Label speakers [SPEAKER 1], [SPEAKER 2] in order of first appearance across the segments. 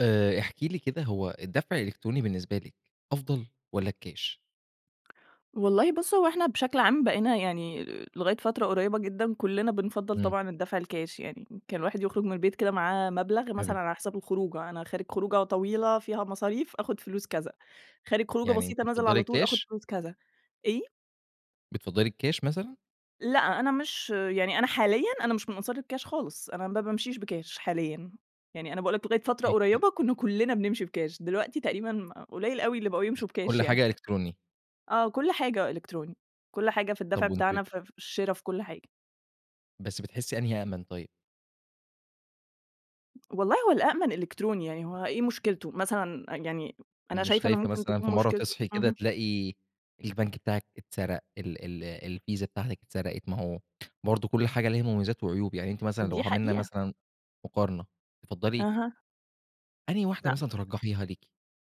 [SPEAKER 1] آآ احكي لي كده هو الدفع الإلكتروني بالنسبة لِك أفضل، والّا الكاش؟
[SPEAKER 2] والله بُص هو إحنا بشكل عام بقينا يعني لغاية فترة قريبة جدًا، كلنا بنفضَّل
[SPEAKER 1] إمم.
[SPEAKER 2] طبعًا الدفع الكاش يعني، يمكن الواحد يخرج من البيت كده معاه مبلغ
[SPEAKER 1] حلو.
[SPEAKER 2] مثلًا على حساب الخروجة، أنا خارج خروجة طويلة فيها مصاريف آخد فلوس كذا، خارج خروجة
[SPEAKER 1] يعني أنتِ
[SPEAKER 2] بسيطة نازل
[SPEAKER 1] بتفضلي
[SPEAKER 2] على طول آخد
[SPEAKER 1] الكاش؟
[SPEAKER 2] فلوس كذا، إيه؟
[SPEAKER 1] بتفضلي الكاش مثلًا؟
[SPEAKER 2] لأ، أنا مش يعني أنا حاليًا أنا مش من أنصار الكاش خالص، أنا ما بامشيش بكاش حاليًا، يعني أنا باقول لك لغاية فترة
[SPEAKER 1] [unintelligible]
[SPEAKER 2] قريبة كنا كلنا بنمشي بكاش، دلوقتي تقريبًا قليل أوي اللي بقوا يمشوا بكاش
[SPEAKER 1] كل
[SPEAKER 2] يعني.
[SPEAKER 1] حاجة إلكتروني.
[SPEAKER 2] آه كل حاجة إلكتروني، كل حاجة في الدفع
[SPEAKER 1] طب وأنتِ
[SPEAKER 2] بتاعنا ف في الشرا، في كل حاجة.
[SPEAKER 1] بس بتحسي أنهي أأمن طيب؟
[SPEAKER 2] والله هو الأَأمْن إلكتروني يعني هو إيه مشكلته؟ مثلًا يعني أنا
[SPEAKER 1] مش
[SPEAKER 2] شايفة إنه
[SPEAKER 1] خايفة
[SPEAKER 2] ممكن
[SPEAKER 1] مثلًا في
[SPEAKER 2] تكون
[SPEAKER 1] مرة
[SPEAKER 2] مشكلته
[SPEAKER 1] تصحي كده
[SPEAKER 2] اهم.
[SPEAKER 1] تلاقي البنك بتاعِك اتسرق، ال ال الفيزا بتاعتِك اتسرقت؟ ما هو برضو كل حاجة ليها مميزات وعيوب يعني أنتِ مثلًا لو
[SPEAKER 2] دي
[SPEAKER 1] عملنا
[SPEAKER 2] حقيقة.
[SPEAKER 1] مثلًا مقارنة تفضّلي
[SPEAKER 2] أها.
[SPEAKER 1] أنهي واحدة
[SPEAKER 2] لأ.
[SPEAKER 1] مثلًا ترجحيها ليكِ؟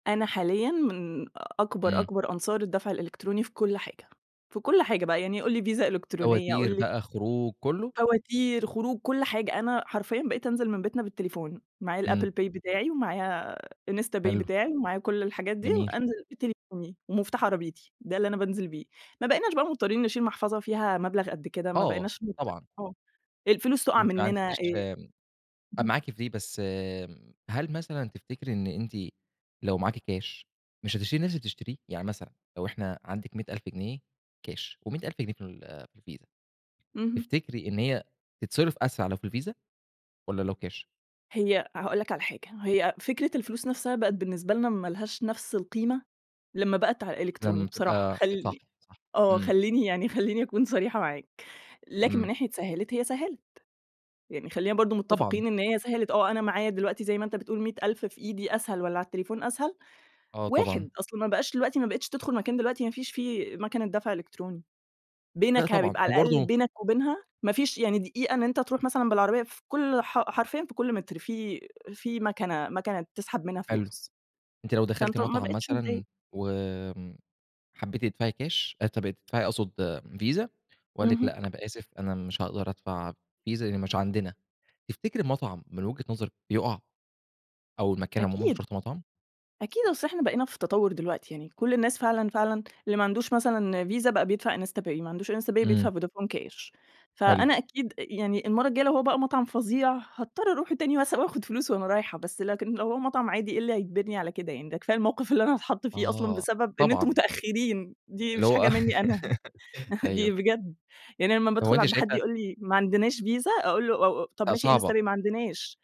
[SPEAKER 2] أنا حاليًا من أكبر،
[SPEAKER 1] امم.
[SPEAKER 2] أكبر أنصار الدفع الإلكتروني في كل حاجة، في كل حاجة بقى يعني قُل لي فيزا إلكترونية قُل
[SPEAKER 1] فواتير
[SPEAKER 2] لي
[SPEAKER 1] بقى، خروج، كله؟
[SPEAKER 2] فواتير، خروج، كل حاجة، أنا حرفيًا بقيت أنزل من بيتنا بالتليفون، معايا الApple
[SPEAKER 1] امم.
[SPEAKER 2] Pay بتاعي ومعايا إنستا باي
[SPEAKER 1] حلو.
[SPEAKER 2] بتاعي، ومعايا كل الحاجات دي،
[SPEAKER 1] جميل.
[SPEAKER 2] وأنزل بتليفوني ومفتاح عربيتي، ده اللي أنا بانزل بيه. ما بقيناش بقى مضطرين نشيل محفظة فيها مبلغ قد كده، ما
[SPEAKER 1] آه،
[SPEAKER 2] بقيناش مضطرين
[SPEAKER 1] طبعًا.
[SPEAKER 2] آه، الفلوس تقع
[SPEAKER 1] أنتِ ما
[SPEAKER 2] مننا، آآ،
[SPEAKER 1] عندكيش
[SPEAKER 2] اهم.
[SPEAKER 1] معاكِ في بس هل مثلًا تفتكري إن أنتِ لو معاكِ كاش مش هتشتري نفس اللي بتشتريه؟ يعني مثلًا، لو إحنا عندِك 100.000 جنيه كاش و100.000 جنيه في ال في الفيزا،
[SPEAKER 2] اهم.
[SPEAKER 1] تفتكري إن هي تتصرّف أسرع لو في الفيزا والّا لو كاش؟
[SPEAKER 2] هي هاقول لك على حاجة، هي فكرة الفلوس نفسها بقت بالنسبة لنا ما لهاش نفس القيمة، لمّا بقت على الإلكتروني
[SPEAKER 1] لم
[SPEAKER 2] بصراحة.
[SPEAKER 1] تبقى صح،
[SPEAKER 2] خلّي
[SPEAKER 1] صح.
[SPEAKER 2] آه،
[SPEAKER 1] امم.
[SPEAKER 2] خلّيني يعني خلّيني أكون صريحة معاك. لكن من
[SPEAKER 1] امم.
[SPEAKER 2] ناحية سهلت، هي سهلت، يعني خلّينا برضو
[SPEAKER 1] طبعًا.
[SPEAKER 2] متّفقين إن هي سهلت، آه أنا معايا دلوقتي زي ما أنت بتقول 100.000 في إيدي أسهل والّا على التليفون أسهل؟
[SPEAKER 1] آه طبعًا.
[SPEAKER 2] واحد، أصلًا ما بقاش دلوقتي ما بقيتش تدخل مكان دلوقتي ما فيش فيه مَكَنة دفع إلكتروني.
[SPEAKER 1] لا
[SPEAKER 2] بينك
[SPEAKER 1] طبعًا،
[SPEAKER 2] بيبقى- على
[SPEAKER 1] هو
[SPEAKER 2] الأقل-
[SPEAKER 1] برضو
[SPEAKER 2] بينك وبينها، ما فيش يعني دقيقة إن أنت تروح مثلًا بالعربيّة في كل ح حرفيًا في كل متر في في مَكَنة، مَكَنة تسحب منها
[SPEAKER 1] حلو،
[SPEAKER 2] فلوس،
[SPEAKER 1] أنتِ لو دخلتِ
[SPEAKER 2] فأنت ما
[SPEAKER 1] مطعم
[SPEAKER 2] بقيتش متضايق.
[SPEAKER 1] مثلًا وآمم، حبيتِ تدفعي كاش آسف تدفعي أقصد فيزا وقال لِك
[SPEAKER 2] اهم.
[SPEAKER 1] لأ، أنا ب أسف أنا مش هأقدر أدفع فيزا لإن مش عندنا. تفتكري المطعم من وجهة نظرِك يقع؟ أو المكان عمومًا مش
[SPEAKER 2] أكيد،
[SPEAKER 1] شرط مطعم؟
[SPEAKER 2] أكيد، أصل إحنا بقينا في التطوّر دلوقتي يعني، كل الناس فعلًا، فعلًا اللي ما عندوش مثلًا فيزا بقى بيدفع إنستا باي، اللي ما عندوش إنستا باي
[SPEAKER 1] امم.
[SPEAKER 2] بيدفع فودافون كاش.
[SPEAKER 1] حلو.
[SPEAKER 2] فأنا أكيد يعني المرّة الجايّة لو هو بقى مطعم فظيع، هاضطر أروح تاني مثلًا وآخد فلوس وأنا رايحة، بس لكن لو هو مطعم عادي إيه اللي هيجبرني على كده يعني؟! ده كفاية الموقف اللي أنا هاتحط فيه أصلًا
[SPEAKER 1] آه،
[SPEAKER 2] بسبب إن أنتم
[SPEAKER 1] طبعًا.
[SPEAKER 2] مُتأخرين دي
[SPEAKER 1] اللي
[SPEAKER 2] مش
[SPEAKER 1] هو
[SPEAKER 2] حاجة
[SPEAKER 1] آه
[SPEAKER 2] مِنّي أنا. دي
[SPEAKER 1] أيوه.
[SPEAKER 2] بجد يعني لمّا
[SPEAKER 1] هو
[SPEAKER 2] بادخل
[SPEAKER 1] أنتِ
[SPEAKER 2] عند حد
[SPEAKER 1] شايفة
[SPEAKER 2] يقول لي: "ما عندناش فيزا" أقول له: "أُ أُ طب
[SPEAKER 1] لأ
[SPEAKER 2] ماشي إنستا
[SPEAKER 1] صعبة.
[SPEAKER 2] باي" "ما عندناش."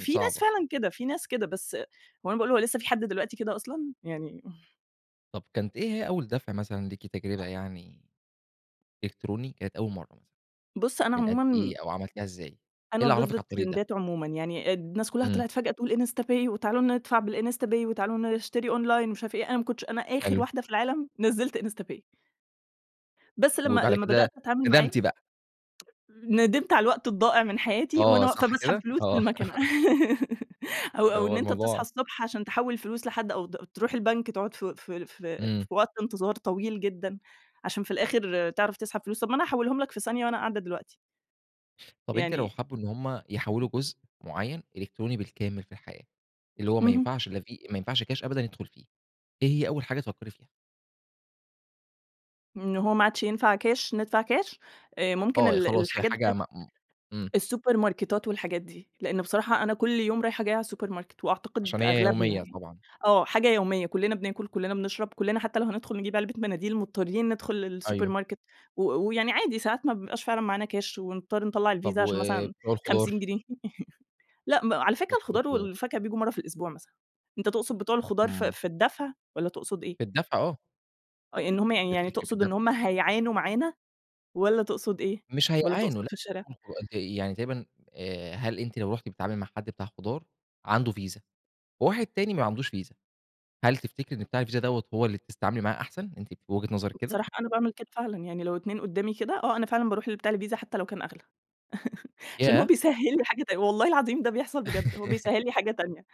[SPEAKER 1] م
[SPEAKER 2] ناس
[SPEAKER 1] صعبة.
[SPEAKER 2] فعلًا كده! في ناس كده، بس وأنا باقول له: "لسّه في حد دلوقتي كده أصلًا؟!" يعني امم.
[SPEAKER 1] طب كانت إيه هي أول دفع مثلًا ليكِ تجربة يعني إلكتروني، كانت أول مرة مثلًا
[SPEAKER 2] بُص أنا
[SPEAKER 1] من قد
[SPEAKER 2] عمومًا
[SPEAKER 1] إيه أو عملتيها إزاي، إيه
[SPEAKER 2] أنا
[SPEAKER 1] اللي
[SPEAKER 2] ضد
[SPEAKER 1] عرفِك على الطريق ده؟
[SPEAKER 2] الترندات عمومًا، يعني أد الناس كلّها
[SPEAKER 1] امم.
[SPEAKER 2] طلعت فجأة تقول إنستا باي، وتعالوا ندفع بالإنستا باي، وتعالوا نشتري أونلاين ومش عارف إيه، أنا ما كنتش أنا آخر
[SPEAKER 1] حلو.
[SPEAKER 2] واحدة في العالم نزلت إنستا باي. بس لما
[SPEAKER 1] وبعد
[SPEAKER 2] لما
[SPEAKER 1] كده،
[SPEAKER 2] بدأت أتعامل معاه.
[SPEAKER 1] ندمتِ بقى.
[SPEAKER 2] ندمت على الوقت الضائع من حياتي، وأنا
[SPEAKER 1] آه،
[SPEAKER 2] واقفة
[SPEAKER 1] صح
[SPEAKER 2] باسحب
[SPEAKER 1] كده،
[SPEAKER 2] فلوس من
[SPEAKER 1] آه.
[SPEAKER 2] الماكنة أو
[SPEAKER 1] اللي
[SPEAKER 2] أو
[SPEAKER 1] هو
[SPEAKER 2] إن أنت تصحى
[SPEAKER 1] الموضوع
[SPEAKER 2] الصبح عشان تحول الفلوس لحد، أو د تروح البنك تقعد في في في في
[SPEAKER 1] امم.
[SPEAKER 2] وقت انتظار طويل جدًا، عشان في الآخر تعرف تسحب فلوس، طب ما أنا هاحولهم لك في ثانية وأنا قاعدة دلوقتي.
[SPEAKER 1] طب أنتِ لو
[SPEAKER 2] يعني
[SPEAKER 1] حبوا إن هُم يحولوا جزء معين إلكتروني بالكامل في الحياة، اللي هو ما
[SPEAKER 2] اهم.
[SPEAKER 1] ينفعش لافـي ما ينفعش كاش أبدًا يدخل فيه، إيه هي أول حاجة تفكري فيها؟
[SPEAKER 2] إن هو ما عادش ينفع كاش ندفع كاش، آآ ممكن
[SPEAKER 1] آه، هي
[SPEAKER 2] ال
[SPEAKER 1] خلاص هي
[SPEAKER 2] الحاجات
[SPEAKER 1] حاجة
[SPEAKER 2] بتاعة
[SPEAKER 1] م م امم.
[SPEAKER 2] السوبرماركتات والحاجات دي، لأن بصراحة أنا كل يوم رايحة جايّة على السوبر ماركت، وأعتقد
[SPEAKER 1] عشان هي
[SPEAKER 2] أغلبنا
[SPEAKER 1] يومية
[SPEAKER 2] يعني،
[SPEAKER 1] طبعًا.
[SPEAKER 2] آه، حاجة يوميّة، كلنا بناكل، كلنا بنشرب، كلنا حتّى لو هندخل نجيب علبة مناديل، مُضطرين ندخل السوبر
[SPEAKER 1] أيوه.
[SPEAKER 2] ماركت، و ويعني عادي ساعات ما بيبقاش فعلًا معانا كاش، ونضطر نطلع
[SPEAKER 1] طب
[SPEAKER 2] الفيزا عشان مثلًا
[SPEAKER 1] وبتوع
[SPEAKER 2] 50
[SPEAKER 1] الخضار؟
[SPEAKER 2] جنيه لأ، م على فكرة
[SPEAKER 1] وبتوع
[SPEAKER 2] الخضار
[SPEAKER 1] الخضار.
[SPEAKER 2] والفاكهة بييجوا مرّة في الأسبوع مثلًا، أنت تقصد بتوع الخضار في
[SPEAKER 1] امم.
[SPEAKER 2] في الدفع والّا تقصد إيه؟
[SPEAKER 1] في الدفع آه.
[SPEAKER 2] أ إن همّ يعني
[SPEAKER 1] يا في
[SPEAKER 2] يعني
[SPEAKER 1] شركة
[SPEAKER 2] تقصد
[SPEAKER 1] الدفع.
[SPEAKER 2] إن همّ هيعانوا معانا والّا تقصد إيه،
[SPEAKER 1] مش
[SPEAKER 2] والّا
[SPEAKER 1] هيعانوا
[SPEAKER 2] تقصد
[SPEAKER 1] لأ
[SPEAKER 2] في الشارع؟
[SPEAKER 1] [unintelligible] يعني تقريبًا آآ هل أنتِ لو رُحتِ بتتعاملي مع حد بتاع خضار عنده فيزا، وواحد تاني ما عندوش فيزا، هل تفتكري إن بتاع الفيزا دَوَّة هو اللي بتس تتعاملي معاه أحسن، أنتِ في وجهة نظرِك كده؟
[SPEAKER 2] بصراحة أنا باعمل كده فعلًا، يعني لو اتنين قدّامي كده، آه أنا فعلًا باروح لبتاع الفيزا حتّى لو كان أغلى. عشان هو
[SPEAKER 1] ياه!
[SPEAKER 2] بيسهل لي حاجة تانية والله العظيم ده بيحصل بجد، هو بيسهل لي حاجة تانية،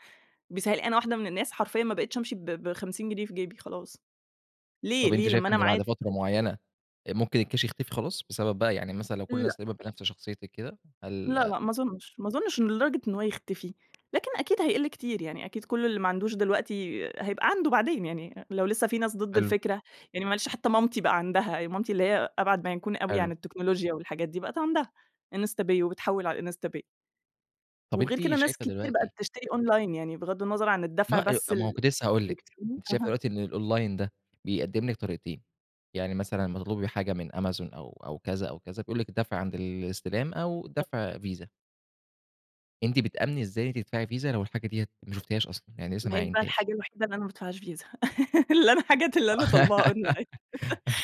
[SPEAKER 2] بيسهل أنا واحدة من الناس حرفيًا ما بقتش أمشي ب ب50 جنيه في جيبي خلاص، ليه،
[SPEAKER 1] طب أنتِ
[SPEAKER 2] ليه لمّا
[SPEAKER 1] شايفة
[SPEAKER 2] أنا
[SPEAKER 1] إن بعد
[SPEAKER 2] معايا
[SPEAKER 1] فترة معيّنة، أ ممكن الكاش يختفي خلاص؟ بسبب بقى يعني مثلًا لو كل الناس تقريبًا
[SPEAKER 2] لأ.
[SPEAKER 1] بنفس شخصيتك كده
[SPEAKER 2] لأ،
[SPEAKER 1] هل
[SPEAKER 2] لأ ما أظنش، ما أظنش إن لدرجة أن هو يختفي، لكن أكيد هيقل كتير، يعني أكيد كل اللي ما عندوش دلوقتي هيبقى عنده بعدين، يعني لو لسّه في ناس ضد
[SPEAKER 1] حلو.
[SPEAKER 2] الفكرة، يعني معلش حتّى مامتي بقى عندها، مامتي اللي هي أبعد ما يكون أوي يعني
[SPEAKER 1] حلو.
[SPEAKER 2] عن التكنولوجيا والحاجات دي، بقت عندها، إنستا باي وبتحول على الإنستا باي.
[SPEAKER 1] طب
[SPEAKER 2] وغير
[SPEAKER 1] أنتِ
[SPEAKER 2] كده ناس
[SPEAKER 1] شايفة
[SPEAKER 2] كتير بقت
[SPEAKER 1] دلوقتي
[SPEAKER 2] بتشتري أونلاين يعني، بغض النظر عن
[SPEAKER 1] ما
[SPEAKER 2] الدفع
[SPEAKER 1] أ
[SPEAKER 2] بس
[SPEAKER 1] طب ما هو
[SPEAKER 2] ال
[SPEAKER 1] كنت لسّه هاقول لِك.
[SPEAKER 2] الإلكتروني.
[SPEAKER 1] أنتِ شايفة
[SPEAKER 2] اها.
[SPEAKER 1] الوقتي إن الأونلاين ده، بيقدِّم لِك طريقتين، يعني مثلًا لما تطلبي حاجة من أمازون أو أو كذا، أو كذا، بيقول لِك الدفع عند الاستلام، أو
[SPEAKER 2] تمام.
[SPEAKER 1] الدفع فيزا. أنتِ بتآمني إزاي تدفعي فيزا، لو الحاجة ديّة ما شفتيهاش أصلًا، يعني
[SPEAKER 2] ما
[SPEAKER 1] لسه ما
[SPEAKER 2] هي دي بقى
[SPEAKER 1] عاينتِيهاش؟
[SPEAKER 2] الحاجة الوحيدة اللي أنا ما بادفعهاش فيزا اللي أنا حاجات اللي أنا طالباها أونلاين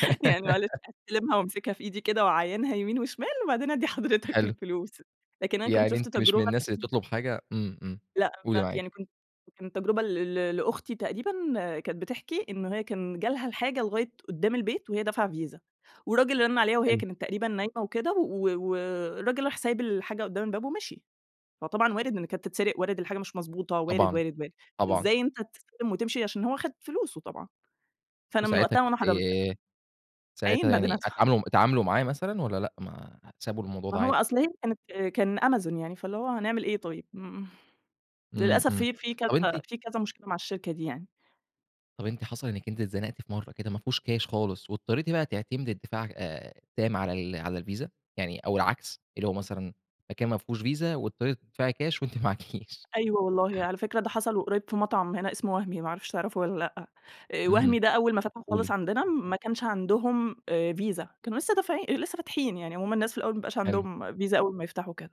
[SPEAKER 2] يعني معلش، أستلمها وأمسكها في إيدي كده واعاينها يمين وشِمال، وبعدين أدّي حضرتك
[SPEAKER 1] حلو.
[SPEAKER 2] الفلوس لكن أنا كنت
[SPEAKER 1] يعني
[SPEAKER 2] شُفت
[SPEAKER 1] أنتِ مش من
[SPEAKER 2] تجربة.
[SPEAKER 1] الناس اللي
[SPEAKER 2] [unintelligible]
[SPEAKER 1] بتطلُب حاجة إمم، إمم.
[SPEAKER 2] لأ،
[SPEAKER 1] قولي، معاكِ.
[SPEAKER 2] يعني كنت كان تجربة ل ل لأختي تقريبًا، كانت بتحكي، إن هي كان جالها الحاجة لغاية قُدّام البيت وهي دافعة فيزا، والراجل رَن عليها وهي
[SPEAKER 1] حلو.
[SPEAKER 2] كانت تقريبًا نايمة وكده، و والراجل راح سايب الحاجة قُدّام الباب ومشي. فطبعًا وارد إن كانت تتسرق، وارد الحاجة مش مضبوطة، وارد،
[SPEAKER 1] طبعًا.
[SPEAKER 2] وارد، وارد.
[SPEAKER 1] طبعًا.
[SPEAKER 2] إزاي أنت تسلِّم وتمشي؟ عشان هو خد فلوسه طبعًا. فأنا من
[SPEAKER 1] وساعتها ك
[SPEAKER 2] وقتها وأنا حرّمت.
[SPEAKER 1] آآ،
[SPEAKER 2] أعاين،
[SPEAKER 1] ساعتها
[SPEAKER 2] بعدين
[SPEAKER 1] يعني
[SPEAKER 2] أدفع
[SPEAKER 1] اتعاملوا اتعاملوا معاه مثلًا والّا لأ، ما سابوا الموضوع
[SPEAKER 2] ما
[SPEAKER 1] ده
[SPEAKER 2] هو
[SPEAKER 1] عادي؟
[SPEAKER 2] أصل، هي كانت كان أمازون، يعني فاللي هو، هنعمل إيه طيب؟ إمم.
[SPEAKER 1] إمم،
[SPEAKER 2] للأسف
[SPEAKER 1] إمم.
[SPEAKER 2] في في كذا
[SPEAKER 1] طب أنتِ
[SPEAKER 2] في كذا مشكلة مع الشركة دي يعني.
[SPEAKER 1] طب أنتِ حصل إنِّك أنتِ اتزنقتِ في مرة كده، مافيهوش كاش خالص، واضطريتِ بقى تعتمدي الدفاع آآ التام على ال على الفيزا؟ يعني أو العكس، اللي هو مثلًا مكان مافيهوش فيزا، واضطريتِ تدفعي كاش وأنتِ معاكيش
[SPEAKER 2] أيوه والله. على فكرة، ده حصل وقريِّب في مطعم هنا، إسمه وهمي، ما أعرفش تعرفه والّا لأ. آآ
[SPEAKER 1] إمم.
[SPEAKER 2] وهمي ده أوّل ما فتح خالص
[SPEAKER 1] قولي.
[SPEAKER 2] عندنا، ما كانش عندهم آآ فيزا، كانوا لسه دافعين أ لسه فاتحين يعني، هُم الناس في الأوَّل ما بيبقاش
[SPEAKER 1] حلو.
[SPEAKER 2] عندهم فيزا أول ما يفتحوا وكده.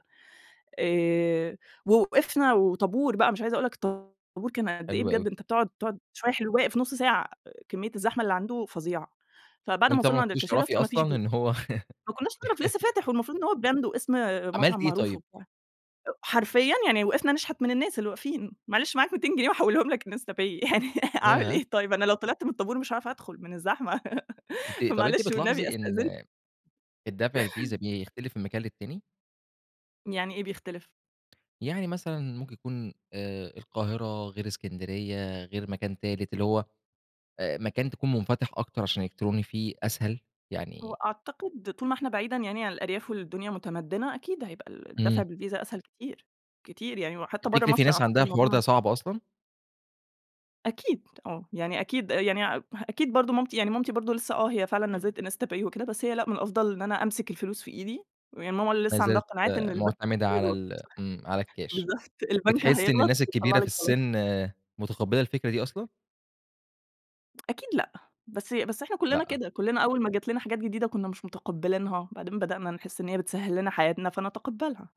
[SPEAKER 2] آآ، ووقفنا وطابور بقى، مش عايزة أقول لك طابور كان قد إيه،
[SPEAKER 1] حلو أوي.
[SPEAKER 2] بجد أنت بتقعد تقعد شوية حلو واقف نُص ساعة، كمية الزحمة اللي عنده فظيعة، فبعد ما
[SPEAKER 1] وأنتِ طبعًا ما
[SPEAKER 2] وصلنا عند
[SPEAKER 1] كنتيش
[SPEAKER 2] الكاشير
[SPEAKER 1] تعرفي
[SPEAKER 2] أصل ما فيش
[SPEAKER 1] أصلًا
[SPEAKER 2] فيزا.
[SPEAKER 1] إن هو
[SPEAKER 2] ما كنّاش نعرف، لسّه فاتح والمفروض إن هو براند واسم
[SPEAKER 1] عملتِ
[SPEAKER 2] مطعم
[SPEAKER 1] إيه
[SPEAKER 2] معروف
[SPEAKER 1] طيب؟
[SPEAKER 2] وبتاع، أ حرفيًا يعني وقفنا نشحت من الناس اللي واقفين "معلش معاك 200 جنيه وأحوِّلهم لك Insta pay؟" يعني أعمل
[SPEAKER 1] ياه!
[SPEAKER 2] إيه طيب؟ أنا لو طلِعت من الطابور مش هاعرف أدخُل من الزحمة؛
[SPEAKER 1] أنتِ طب أنتِ
[SPEAKER 2] فمعلش والنبي،
[SPEAKER 1] بتلاحظي
[SPEAKER 2] أستأذن
[SPEAKER 1] إن، الدفع الفيزا، بيختلف من مكان للتاني؟
[SPEAKER 2] يعني إيه بيختلف؟
[SPEAKER 1] يعني مثلًا ممكن يكون آآ القاهرة غير إسكندرية غير مكان تالت، اللي هو آآ مكان تكون منفتح أكتر، عشان الإلكتروني فيه أسهل،
[SPEAKER 2] هو
[SPEAKER 1] يعني
[SPEAKER 2] أعتقد طول ما إحنا بعيدًا يعني عن الأرياف والدنيا مُتمدنة، أكيد هيبقى ال الدفع
[SPEAKER 1] امم.
[SPEAKER 2] بالفيزا أسهل كتير، كتير يعني وحتّى برّه
[SPEAKER 1] تفكتري في
[SPEAKER 2] مصر
[SPEAKER 1] ناس عندها
[SPEAKER 2] أعتقد الموضوع
[SPEAKER 1] الحوار ده
[SPEAKER 2] [unintelligible]
[SPEAKER 1] صعب أصلًا؟
[SPEAKER 2] أكيد آه، يعني أكيد يعني أ أكيد برضو مامتي يعني مامتي برضو لسّه آه، هي فعلًا نزلت إنستا باي وكده، بس هي لأ، من الأفضل إن أنا أمسك الفلوس في إيدي. هي ماما
[SPEAKER 1] ما
[SPEAKER 2] لسّه عندها
[SPEAKER 1] زالت
[SPEAKER 2] قناعات إن
[SPEAKER 1] آآ
[SPEAKER 2] البنك
[SPEAKER 1] معتمدة على
[SPEAKER 2] بيغلط.
[SPEAKER 1] ال امم على الكاش،
[SPEAKER 2] بالضبط البنك
[SPEAKER 1] بتحسّي إن
[SPEAKER 2] هيغلط
[SPEAKER 1] الناس
[SPEAKER 2] ويطلع
[SPEAKER 1] الكبيرة في
[SPEAKER 2] لِك غلط.
[SPEAKER 1] السن، متقبلة الفكرة دي أصلًا؟
[SPEAKER 2] أكيد لأ، بس بس إحنا كلنا
[SPEAKER 1] لأ.
[SPEAKER 2] كده، كلنا أوّل ما جات لنا حاجات جديدة كنا مش متقبلينها، بعدين بدأنا نحس إن هي بتسهل لنا حياتنا فنتقبلها.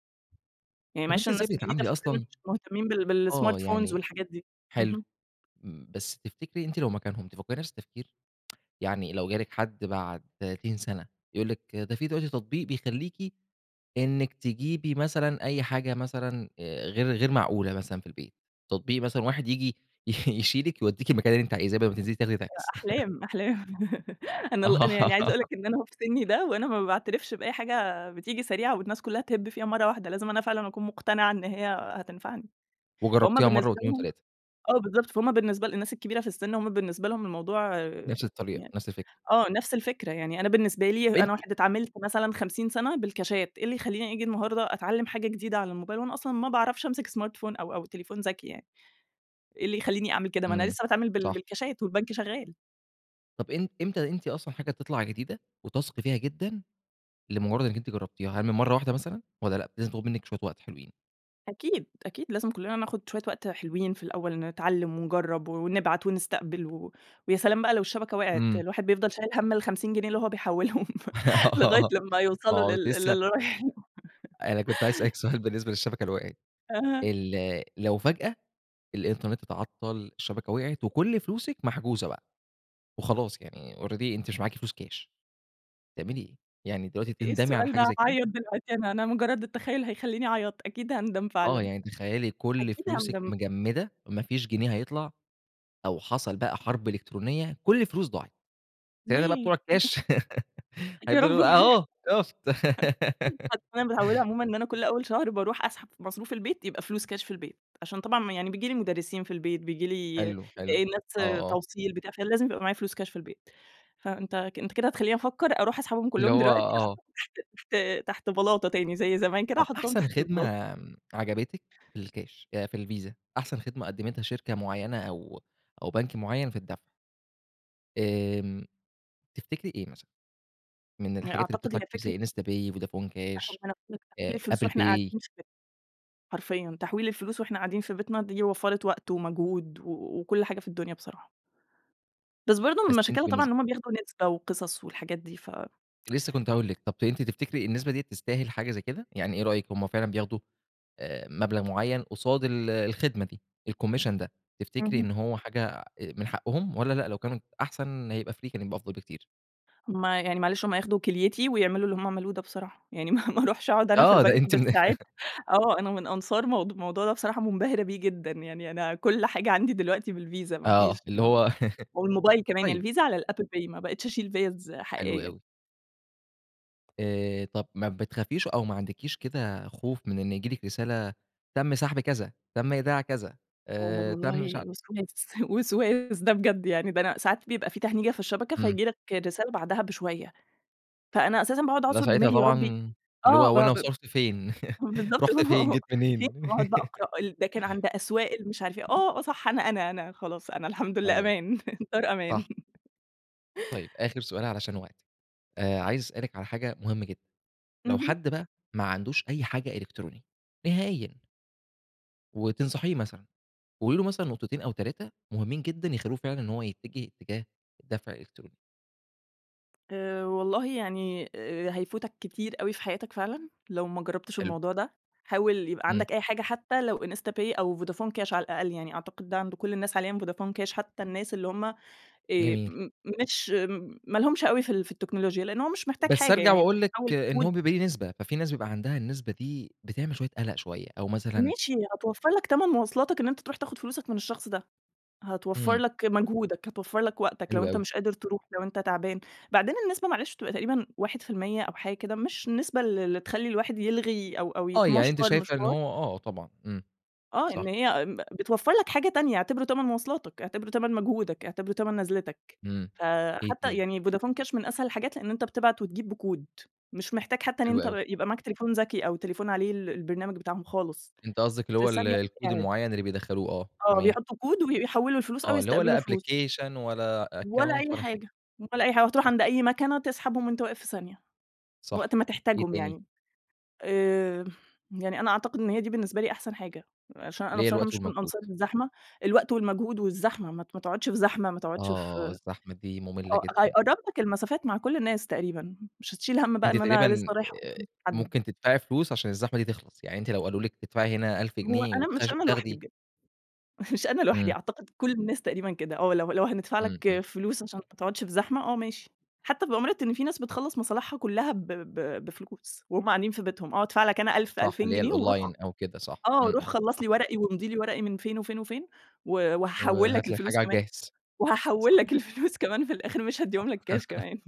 [SPEAKER 2] يعني
[SPEAKER 1] طب أنتِ
[SPEAKER 2] معلش
[SPEAKER 1] إزاي
[SPEAKER 2] الناس الجديدة
[SPEAKER 1] بتتعاملي
[SPEAKER 2] في السن
[SPEAKER 1] أصلًا
[SPEAKER 2] مش مهتمين بال
[SPEAKER 1] آه،
[SPEAKER 2] بالsmartphones
[SPEAKER 1] يعني
[SPEAKER 2] والحاجات دي،
[SPEAKER 1] حلو.
[SPEAKER 2] اهم.
[SPEAKER 1] مم بس تفتكري أنتِ لو مكانهم تفكّري نفس التفكير؟ يعني لو جالِك حد بعد 30 سنة، يقول لِك ده في دلوقتي تطبيق بيخليكِ، إنِك تجيبي مثلًا أي حاجة مثلًا آآ غير غير معقولة مثلًا في البيت، تطبيق مثلًا واحد ييجي يشيلِك يوديكِ المكان اللي أنتِ عايزاة، بدل ما تنزلي تاخدي تاكس.
[SPEAKER 2] أ أحلام، أحلام أنا ال أنا
[SPEAKER 1] آه.
[SPEAKER 2] يعني عايزة أقول لك إن أنا أهو في سني ده، وأنا ما باعترفش بأي حاجة بتيجي سريعة والناس كلّها تهب فيها مرّة واحدة، لازم أنا فعلًا أكون مقتنعة إن هي هتنفعني. فهُم
[SPEAKER 1] وجربتيها مرة
[SPEAKER 2] بالنسبة
[SPEAKER 1] و2
[SPEAKER 2] لهم
[SPEAKER 1] و3
[SPEAKER 2] آه، بالضبط فهُم بالنسبة للناس الكبيرة في السن، هُم بالنسبة لهم الموضوع آآ
[SPEAKER 1] نفس الطريقة،
[SPEAKER 2] يعني
[SPEAKER 1] نفس الفكرة.
[SPEAKER 2] آه، نفس الفكرة يعني أنا بالنسبة لي
[SPEAKER 1] طب أنتِ
[SPEAKER 2] أنا واحد اتعاملت مثلًا 50 سنة بالكاشات، إيه اللي خلّيني أجي النهارده أتعلم حاجة جديدة على الموبايل، وأنا أصلًا ما باعرفش أمسك smartphone أو أو تليفون ذكي يعني. إيه اللي يخلّيني أعمل كده، ما أنا
[SPEAKER 1] امم،
[SPEAKER 2] لسه باتعامل بال
[SPEAKER 1] صح.
[SPEAKER 2] بالكاشات، والبنك شغال.
[SPEAKER 1] طب إم إمتى أنتِ أصلًا حاجة تطلع جديدة، وتثقي فيها جدًا، لمجرد إن أنتِ جربتيها؟ هل من مرّة واحدة مثلًا، والّا لأ لازم تاخد منِك شوية وقت حلوين؟
[SPEAKER 2] أكيد، أكيد لازم كلنا ناخد شوية وقت حلوين في الأول، نتعلم ونجرب و ونبعت ونستقبل و و ويا سلام بقى لو الشبكة وقعت،
[SPEAKER 1] إمم.
[SPEAKER 2] الواحد بيفضل شايل هم ال50 جنيه اللي هو بيحولهم لغاية
[SPEAKER 1] آه،
[SPEAKER 2] لمّا
[SPEAKER 1] ما
[SPEAKER 2] يوصلوا
[SPEAKER 1] هو
[SPEAKER 2] لل
[SPEAKER 1] لسه
[SPEAKER 2] للي رايح.
[SPEAKER 1] أنا كنت عايز أسألِك سؤال بالنسبة للشبكة اللي وقعت،
[SPEAKER 2] أها.
[SPEAKER 1] ال لو فجأة الإنترنت اتعطل، الشبكة وقعت، وكل فلوسِك محجوزة بقى، وخلاص يعني already أنتِ مش معاكِ فلوس كاش، تعملي إيه؟ يعني دلوقتي
[SPEAKER 2] إيه
[SPEAKER 1] تندمي على
[SPEAKER 2] السؤال
[SPEAKER 1] حاجة
[SPEAKER 2] ده؟
[SPEAKER 1] زي كده؟
[SPEAKER 2] هاعيط دلوقتي أنا أنا مجرد التخيل هيخلّيني أعيط، أكيد هاندم
[SPEAKER 1] آه،
[SPEAKER 2] فعلًا.
[SPEAKER 1] يعني تخيلي كل
[SPEAKER 2] أكيد
[SPEAKER 1] فلوسك
[SPEAKER 2] هاندم.
[SPEAKER 1] مجمدة، ما فيش جنيه هيطلع، أو حصل بقى حرب إلكترونية، كل الفلوس ضاعت. ساعتها بقى
[SPEAKER 2] ليه؟
[SPEAKER 1] بتوع الكاش
[SPEAKER 2] يا رب
[SPEAKER 1] هيفضلوا يقولوا
[SPEAKER 2] ما يح
[SPEAKER 1] أهو شُفت؟
[SPEAKER 2] أصل أنا متعودة عمومًا إن أنا كل أول شهر باروح أسحب ف مصروف البيت يبقى فلوس كاش في البيت، عشان طبعًا ما يعني بييجي لي مدرسين في البيت، بييجي لي آآ
[SPEAKER 1] حلو، حلو، آه،
[SPEAKER 2] الناس
[SPEAKER 1] آه.
[SPEAKER 2] توصيل، بتاع، فلازم يبقى معايا فلوس كاش في البيت. فأنت أنت كده هتخلّيني أفكر أروح أسحبهم
[SPEAKER 1] اللي
[SPEAKER 2] كلهم
[SPEAKER 1] هو
[SPEAKER 2] دلوقتي
[SPEAKER 1] آه.
[SPEAKER 2] أحطهم تحت تحت بلاطة تاني زي زمان كده
[SPEAKER 1] طب
[SPEAKER 2] أحطهم
[SPEAKER 1] أحسن
[SPEAKER 2] تحت
[SPEAKER 1] خدمة،
[SPEAKER 2] البلاطة.
[SPEAKER 1] آمم، عجبتِك في الكاش آآ في الVisa، أحسن خدمة قدمتها شركة مُعيّنة أو أو بنك مُعيّن في الدفع؟ آمم، تفتكري إيه مثلًا؟ من
[SPEAKER 2] أ
[SPEAKER 1] الحاجات اللي
[SPEAKER 2] أعتقد هي
[SPEAKER 1] بتطلع كتير
[SPEAKER 2] فكرة
[SPEAKER 1] زي InstaPay، فودافون كاش،
[SPEAKER 2] حرفيًا تحويل
[SPEAKER 1] آآ
[SPEAKER 2] الفلوس
[SPEAKER 1] Apple
[SPEAKER 2] وإحنا
[SPEAKER 1] Pay.
[SPEAKER 2] قاعدين في بي حرفيًا تحويل الفلوس وإحنا قاعدين في بيتنا دي وفّرِت وقت ومجهود و وكل حاجة في الدنيا بصراحة. بس برضه
[SPEAKER 1] بس
[SPEAKER 2] من
[SPEAKER 1] أنتِ
[SPEAKER 2] مشاكلها طبعًا
[SPEAKER 1] بالنسب
[SPEAKER 2] إن هم بياخدوا نسبة وقصص والحاجات دي ف
[SPEAKER 1] لسه كنت هاقول لِك، طب ت أنتِ تفتكري النسبة دِيَّة تستاهل حاجة زي كده؟ يعني إيه رأيِك هم فعلًا بياخدوا آآ مبلغ مُعيّن قصاد ال الخدمة دي، الcommission ده، تفتكري
[SPEAKER 2] اهم.
[SPEAKER 1] إن هو حاجة من حقهم، والّا لأ لو كانت أحسن يبقى free كان يبقى أفضل بكتير؟
[SPEAKER 2] هم يعني معلش هم ياخدوا كِليتي ويعملوا اللي هم عملوه ده بصراحة، يعني ما ما أروحش أقعد أنا في
[SPEAKER 1] آه، ده
[SPEAKER 2] البنك
[SPEAKER 1] أنتِ من
[SPEAKER 2] بالساعات آه، أنا من أنصار موض موضوع ده بصراحة منبهرة بيه جدًا، يعني أنا كل حاجة عندي دلوقتي بالVisa ما فيش
[SPEAKER 1] آه، اللي
[SPEAKER 2] ما
[SPEAKER 1] هو
[SPEAKER 2] والموبايل كمان، يعني
[SPEAKER 1] طيب.
[SPEAKER 2] الVisa على الApple Pay ما بقيتش أشيل فيز
[SPEAKER 1] حلو
[SPEAKER 2] حقيقية.
[SPEAKER 1] أوي. آآ طب ما بتخافيش أو ما عندكيش كده خوف من إن ييجي لِك رسالة تم سحب كذا، تم إيداع كذا،
[SPEAKER 2] آآ
[SPEAKER 1] آآ تم مش
[SPEAKER 2] والله
[SPEAKER 1] عارف
[SPEAKER 2] وسواس، وسواس ده بجد يعني، ده أنا ساعات بيبقى في تهنيجة في الشبكة
[SPEAKER 1] امم.
[SPEAKER 2] فييجي لك رسالة بعدها بشوية. فأنا أساسًا باقعد
[SPEAKER 1] لا
[SPEAKER 2] أعصر
[SPEAKER 1] ساعتها
[SPEAKER 2] دماغي يا ربي
[SPEAKER 1] طبعًا اللي
[SPEAKER 2] آه
[SPEAKER 1] هو
[SPEAKER 2] ب
[SPEAKER 1] وأنا
[SPEAKER 2] ب
[SPEAKER 1] وصرفت فين؟
[SPEAKER 2] بالضبط
[SPEAKER 1] رُحت فين؟ جيت
[SPEAKER 2] في
[SPEAKER 1] منين؟
[SPEAKER 2] وأقعد بقى أقرأ ال ده كان عند أسواق المش عارف إيه، آه، آه، صح أنا، أنا، أنا، خلاص، أنا الحمد لله
[SPEAKER 1] أيوه،
[SPEAKER 2] أمان، الدار
[SPEAKER 1] صح.
[SPEAKER 2] أمان.
[SPEAKER 1] طيب آخر سؤال علشان وقتِك، آآ عايز أسألِك على حاجة مهمة جدًا، لو
[SPEAKER 2] اهم.
[SPEAKER 1] حد بقى ما عندوش أي حاجة إلكترونية نهائيًا؟ وتنصحيه مثلًا، وقولي له مثلًا نقطتين أو 3 مُهمين جدًا، يخلّوه فعلًا إن هو يتجه اتجاه الدفع الإلكتروني.
[SPEAKER 2] آآ والله يعني، هيفوتك كتير أوي في حياتك فعلًا، لو ما جربتش
[SPEAKER 1] حلو.
[SPEAKER 2] الموضوع ده، حاول يبقى
[SPEAKER 1] إمم.
[SPEAKER 2] عندك أي حاجة، حتى لو IntsaPay أو فودافون كاش على الأقل، يعني أعتقد ده عند كل الناس حاليًا فودافون كاش حتى الناس اللي هم، آآ
[SPEAKER 1] جميل.
[SPEAKER 2] م مش ما لهُمش أوي في ال في التكنولوجيا. لأن هو مش محتاج
[SPEAKER 1] بس
[SPEAKER 2] حاجة
[SPEAKER 1] أرجع
[SPEAKER 2] يعني أنت
[SPEAKER 1] وأقول لِك
[SPEAKER 2] بتحوِّل
[SPEAKER 1] إن
[SPEAKER 2] كود
[SPEAKER 1] هو بيبقى ليه نسبة. ففي ناس بيبقى عندها النسبة دي بتعمل شوية قلق شوية، أو مثلًا
[SPEAKER 2] ماشي هتوفر لك تمن مواصلاتك إن أنت تروح تاخد فلوسك من الشخص ده. هتوفر
[SPEAKER 1] إمم.
[SPEAKER 2] لك مجهودك، هتوفر لك وقتك لو
[SPEAKER 1] حلو
[SPEAKER 2] أنت
[SPEAKER 1] أوي.
[SPEAKER 2] مش قادر تروح، لو أنت تعبان. بعدين النسبة معلش بتبقى تقريبًا 1% أو حاجة كده مش النسبة ال اللي تخلّي الواحد يلغي أو أو
[SPEAKER 1] آه، يعني أنتِ
[SPEAKER 2] يتمشور
[SPEAKER 1] شايفة إن
[SPEAKER 2] مشوار
[SPEAKER 1] هو آه طبعًا. إمم،
[SPEAKER 2] آه، إن
[SPEAKER 1] صح.
[SPEAKER 2] هي م بتوفر لك حاجة تانية، اعتبره تمن مواصلاتك، اعتبره تمن مجهودك، اعتبره تمن نزلتك.
[SPEAKER 1] إمم، إيه
[SPEAKER 2] فحتى
[SPEAKER 1] تاني؟
[SPEAKER 2] يعني فودافون كاش من أسهل الحاجات لأن أنت بتبعت وتجيب بكود مش محتاج حتى إن
[SPEAKER 1] حلو
[SPEAKER 2] أنت ب
[SPEAKER 1] أوي.
[SPEAKER 2] يبقى معاك تليفون ذكي أو تليفون عليه ال البرنامج بتاعهم خالص،
[SPEAKER 1] أنتِ قصدِك اللي
[SPEAKER 2] في
[SPEAKER 1] هو ال
[SPEAKER 2] ثانية وأنت
[SPEAKER 1] الكود
[SPEAKER 2] قاعد.
[SPEAKER 1] المُعيّن اللي بيدخَّلوه، آه،
[SPEAKER 2] آه،
[SPEAKER 1] تمام.
[SPEAKER 2] بيحطوا كود وبي بيحوِّلوا الفلوس أو
[SPEAKER 1] آه، اللي هو
[SPEAKER 2] يستقبلوا
[SPEAKER 1] لا
[SPEAKER 2] فلوس.
[SPEAKER 1] Application ولا
[SPEAKER 2] ولا
[SPEAKER 1] account
[SPEAKER 2] أي
[SPEAKER 1] ولا حاجة.
[SPEAKER 2] حاجة، ولا أي حاجة، وهتروح
[SPEAKER 1] صح.
[SPEAKER 2] عند أي مكنة تسحبهم وأنت واقف في ثانية،
[SPEAKER 1] صح،
[SPEAKER 2] وقت ما
[SPEAKER 1] إيه
[SPEAKER 2] تحتاجهم
[SPEAKER 1] تاني؟
[SPEAKER 2] يعني. آآ يعني أنا أعتقد إن هي دي بالنسبة لي أحسن حاجة، عشان أنا
[SPEAKER 1] اللي هي
[SPEAKER 2] بصراحة
[SPEAKER 1] الوقت
[SPEAKER 2] مش من
[SPEAKER 1] والمجهود.
[SPEAKER 2] أنصار الزحمة، الوقت والمجهود والزحمة، ما ت ما تقعدش في زحمة، ما تقعدش
[SPEAKER 1] آه،
[SPEAKER 2] في
[SPEAKER 1] الزحمة دي مُملة
[SPEAKER 2] آه
[SPEAKER 1] جدًا.
[SPEAKER 2] هيقرب لك المسافات مع كل الناس تقريبًا، مش هتشيل هَم بقى
[SPEAKER 1] أنتِ
[SPEAKER 2] إن أنا
[SPEAKER 1] تقريبًا
[SPEAKER 2] لسه رايح آخد
[SPEAKER 1] آآ
[SPEAKER 2] فلوس من حد.
[SPEAKER 1] ممكن تدفعي فلوس عشان الزحمة دي تخلص. يعني أنتِ لو قالوا لِك تدفعي هنا 1000
[SPEAKER 2] هو
[SPEAKER 1] جنيه
[SPEAKER 2] أنا مش
[SPEAKER 1] وتخَش
[SPEAKER 2] أنا لوحدي
[SPEAKER 1] وتاخدي
[SPEAKER 2] بجد، مش أنا لوحدي
[SPEAKER 1] إمم.
[SPEAKER 2] أعتقد كل الناس تقريبًا كده، آه، لو لو هندفع
[SPEAKER 1] إمم،
[SPEAKER 2] لك
[SPEAKER 1] إمم.
[SPEAKER 2] فلوس عشان ما تقعدش في زحمة، آه ماشي، حتى بأمارة إن في ناس بتخلّص مصالحها كلها ب ب بفلوس وهُم قاعدين في بيتهم. آه، أدفع لك أنا 1000،
[SPEAKER 1] صح،
[SPEAKER 2] 2000
[SPEAKER 1] اللي هي
[SPEAKER 2] جنيه وروح خ
[SPEAKER 1] الأونلاين أو كده، صح،
[SPEAKER 2] آه،
[SPEAKER 1] إمم،
[SPEAKER 2] روح
[SPEAKER 1] إمم،
[SPEAKER 2] خلص
[SPEAKER 1] صح.
[SPEAKER 2] لي ورقي وامضِ لي ورقي من فين وفين وفين، و وهاحوِّل لك
[SPEAKER 1] وهات لي الحاجة
[SPEAKER 2] الفلوس
[SPEAKER 1] على
[SPEAKER 2] كمان،
[SPEAKER 1] الجاهز.
[SPEAKER 2] وهاحوِّل
[SPEAKER 1] صح.
[SPEAKER 2] لك الفلوس كمان في الآخر مش
[SPEAKER 1] صح
[SPEAKER 2] هاديهم لك كاش كمان.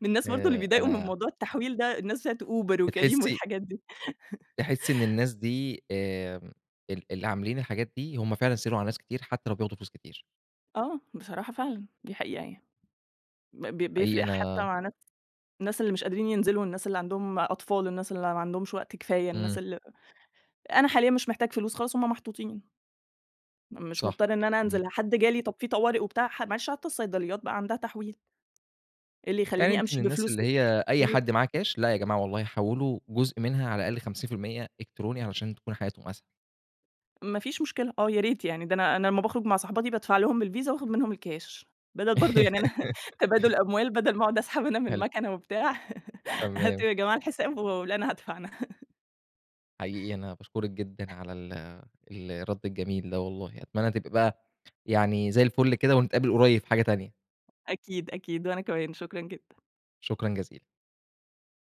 [SPEAKER 2] من الناس برضه اللي
[SPEAKER 1] آآ
[SPEAKER 2] بيتضايقوا من
[SPEAKER 1] أنا
[SPEAKER 2] موضوع التحويل ده، الناس بتاعة Uber وCareem
[SPEAKER 1] بتحسي
[SPEAKER 2] والحاجات دي.
[SPEAKER 1] تحسي إن الناس دي، آمم، ال اللي عاملين الحاجات دي، هم فعلًا سهِلوا على ناس كتير، حتى لو بياخدوا فلوس كتير.
[SPEAKER 2] آه، بصراحة فعلًا، دي حقيقة يعني. ب ب
[SPEAKER 1] حقيقي
[SPEAKER 2] بيفرق حتى
[SPEAKER 1] أنا
[SPEAKER 2] مع ناس الناس اللي مش قادرين ينزلوا، الناس اللي عندهم أطفال، الناس اللي ما عندهمش وقت كفاية،
[SPEAKER 1] إمم.
[SPEAKER 2] الناس ال أنا حاليًا مش محتاج فلوس، خلاص هُم محطوطين. م مش
[SPEAKER 1] صح،
[SPEAKER 2] مضطر إن أنا
[SPEAKER 1] إمم.
[SPEAKER 2] أنزل، حد جالي طب في طوارئ وبتاع، معلش حتى الصيدليات بقى عندها تحويل. إيه اللي
[SPEAKER 1] يعني
[SPEAKER 2] يخلّيني
[SPEAKER 1] أنتِ من
[SPEAKER 2] أمشي
[SPEAKER 1] الناس
[SPEAKER 2] بفلوس
[SPEAKER 1] اللي هي أي
[SPEAKER 2] [unintelligible]
[SPEAKER 1] حد معاه كاش، لا يا جماعة والله حوِّلوا جزء منها على الأقل 50% إلكتروني علشان تكون حياتهم أسهل.
[SPEAKER 2] ما فيش مشكلة، آه، يا ريت يعني ده أنا أنا لمّا باخرج مع صاحباتي بادفع لهم بالVisa وآخد منهم الكاش، بدل برضه يعني أنا تبادل أموال بدل ما أقعد أسحب أنا من
[SPEAKER 1] حلو.
[SPEAKER 2] مكنة وبتاع،
[SPEAKER 1] تمام.
[SPEAKER 2] هاتوا يا جماعة الحساب ولا، أنا هادفع أنا.
[SPEAKER 1] حقيقي أنا باشكرك جدًا على ال الرد الجميل ده والله. أتمنى تبقي بقى يعني زي الفل كده ونتقابل قُريب في حاجة تانية.
[SPEAKER 2] أكيد، أكيد، وأنا كمان، شكرًا جدًا.
[SPEAKER 1] شكرًا جزيلًا.